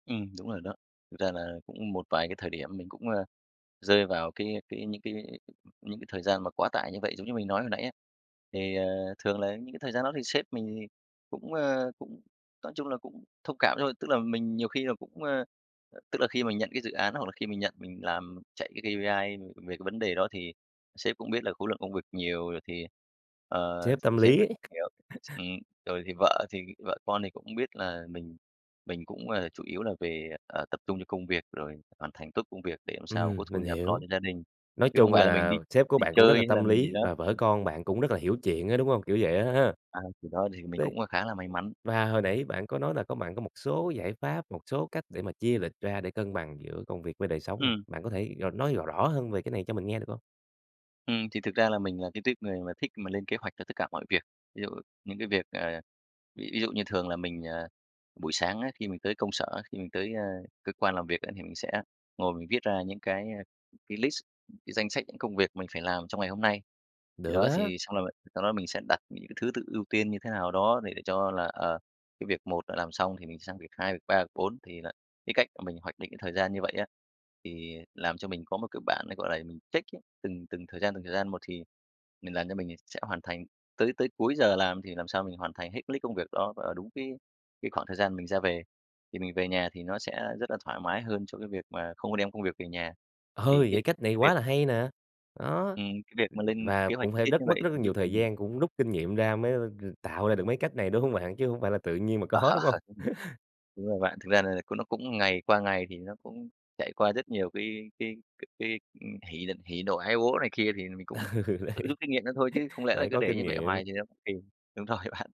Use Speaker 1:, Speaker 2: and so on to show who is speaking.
Speaker 1: Ừm, đúng rồi đó. Thực ra là cũng một vài cái thời điểm mình cũng, ơ, rơi vào cái cái những cái những cái thời gian mà quá tải như vậy giống như mình nói hồi nãy á. Thì, ờ, thường là những cái thời gian đó thì sếp mình thì cũng, ơ, cũng, nói chung là, cũng thông cảm thôi, tức là mình nhiều khi là cũng, ơ tức là khi mình nhận cái dự án hoặc là khi mình nhận mình làm chạy cái KPI về cái vấn đề đó thì sếp cũng biết là khối lượng công việc nhiều rồi thì, ờ,
Speaker 2: Sếp tâm
Speaker 1: thì sếp
Speaker 2: lý
Speaker 1: mình
Speaker 2: ấy.
Speaker 1: cũng hiểu. Ừm, rồi thì vợ thì vợ con thì cũng biết là mình mình cũng, ờ, chủ yếu là về, ờ, tập trung cho công việc rồi hoàn thành tốt công việc để sao mà có
Speaker 2: Ừm,
Speaker 1: thu
Speaker 2: mình
Speaker 1: nhập lo
Speaker 2: hiểu,
Speaker 1: cho gia đình,
Speaker 2: nói
Speaker 1: chứ không
Speaker 2: chung
Speaker 1: phải là mình đi
Speaker 2: là sếp của
Speaker 1: đi
Speaker 2: bạn cũng rất
Speaker 1: chơi
Speaker 2: là
Speaker 1: hay là
Speaker 2: tâm
Speaker 1: mình gì
Speaker 2: lý
Speaker 1: đó.
Speaker 2: và vợ
Speaker 1: Ừm.
Speaker 2: con bạn cũng rất là hiểu chuyện ấy, đúng hông, kiểu vậy á h ha.
Speaker 1: À, thì đó thì mình
Speaker 2: Đấy,
Speaker 1: cũng, ờ, khá là may mắn.
Speaker 2: và hồi nãy bạn có nói là có bạn có một số giải pháp, một số cách để mà chia lịch ra để cân bằng giữa công việc với đời sống nè,
Speaker 1: Ừm.
Speaker 2: bạn có thể, ờ, nói r rõ hơn về cái này cho mình nghe được hông?
Speaker 1: Ừm, thì thực ra là mình là cái tuýp người mà thích mà lên kế hoạch cho tất cả mọi việc. Ví dụ những cái việc, ờ ví dụ như thường là mình, ờ, buổi sáng á, khi mình tới công sở á, khi mình tới, a, cơ quan làm việc á thì mình sẽ ngồi mình viết ra những cái, a, cái list, cái danh sách những công việc mình phải làm trong ngày hôm nay. Thì
Speaker 2: Được
Speaker 1: đó
Speaker 2: á.
Speaker 1: thì xong là sau đó mình sẽ đặt những thứ tự ưu tiên như thế nào đó để cho là, ờ, cái việc 1 đã làm xong thì mình sang việc 2, việc 3, việc 4 thì là cái cách mình hoạch định thời gian như vậy á, thì làm cho mình có một cái bản ấy, gọi là, mình check ấy, từng từng thời gian, từng thời gian một thì mình làm cho mình sẽ hoàn thành tới tới cuối giờ làm thì làm sao mình hoàn thành hết cái list công việc đó vào đúng cái cái khoảng thời gian mình ra về. Thì mình về nhà thì nó sẽ rất là thoải mái hơn cho cái việc mà không có đem công việc về nhà.
Speaker 2: Ơ,
Speaker 1: Thì cái
Speaker 2: vậy cách này
Speaker 1: cái việc
Speaker 2: quá là hay nè, đó, ừm,
Speaker 1: Ừm, cái việc mà lên
Speaker 2: và
Speaker 1: kế hoạch
Speaker 2: cũng
Speaker 1: chi
Speaker 2: phải
Speaker 1: tiết như
Speaker 2: rất mất
Speaker 1: vậy
Speaker 2: rất là
Speaker 1: thì giúp
Speaker 2: nhiều
Speaker 1: cho
Speaker 2: thời
Speaker 1: mình
Speaker 2: gian cũng rút kinh nghiệm ra mới g tạo ra được mấy cách này, đúng hông bạn? Chứ hông phải là tự nhiên mà
Speaker 1: Ờ,
Speaker 2: có, đúng hông?
Speaker 1: ừm, đúng rồi bạn. Thực ra là c nó cũng ngày qua ngày thì nó cũng trải qua rất nhiều cái cái cái hỉ đ hỉ nộ ái ố này kia thì mình
Speaker 2: Ừ,
Speaker 1: cũng
Speaker 2: đấy,
Speaker 1: tự rút kinh nghiệm ra thôi chứ không lẽ là
Speaker 2: phải
Speaker 1: cứ
Speaker 2: có
Speaker 1: để
Speaker 2: kinh
Speaker 1: như vậy hoài
Speaker 2: nghiệm.
Speaker 1: thì nó cũng kỳ. Đúng rồi bạn.